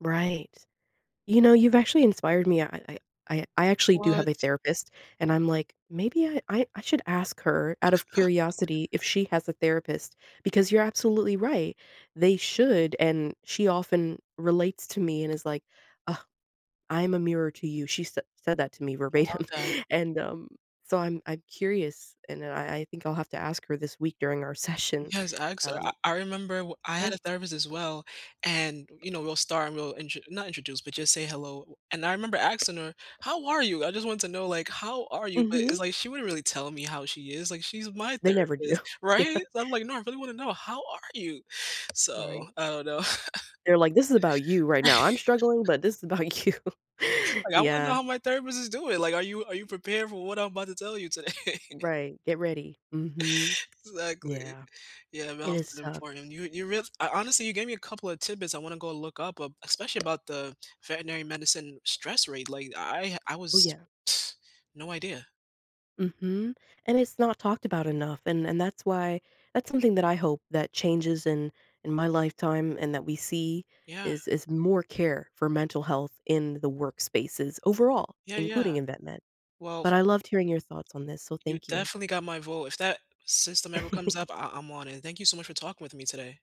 Right. You know, you've actually inspired me. I I I I actually do have What? a therapist, and I'm like, maybe I I I should ask her out of curiosity if she has a therapist because you're absolutely right, they should. And she often relates to me and is like, "Oh, I'm a mirror to you." She said said that to me I love verbatim. that. And, um, so I'm I'm curious and I I think I'll have to ask her this week during our session. Yes, I asked her I Um I remember w I Yeah. had a therapist as well, and, you know, we'll start and we'll intro not introduce, but just say "Hello." And I remember asking her, "How are you? I just want to know, like, how are you?" But Mhm. it's like, she wouldn't really tell me how she is. Like, she's my They never do, therapist, yeah. right? So I'm like, "No, I really wanna know, how are you?" So, Right. I don't know. They're like, "This is about you right now. I'm struggling, but this is about you." Like, I wanna know Yeah. how my therapist is doing. Like, "Are you are you prepared for what I'm about to tell you today?" Right, get ready, mhm. Exactly. Yeah. Yeah, mental It health is is tough. important, you you real f I ho honestly, you gave me a couple of tidbits I wanna go look up up, especially about the veterinary medicine stress rate. Like, I ha I Ooh, was yeah. no idea. Mhm, and it's not talked about enough. And and that's why that's something that I hope that changes in in my lifetime and that we see Yeah. is is more care for mental health in the workspaces overall, Yeah, yeah. including in vet med. Well, But f I loved hearing your thoughts on this, so You thank you. definitely got my vote. If that system ever comes up, I I'm on it, thank you so much for talking with me today.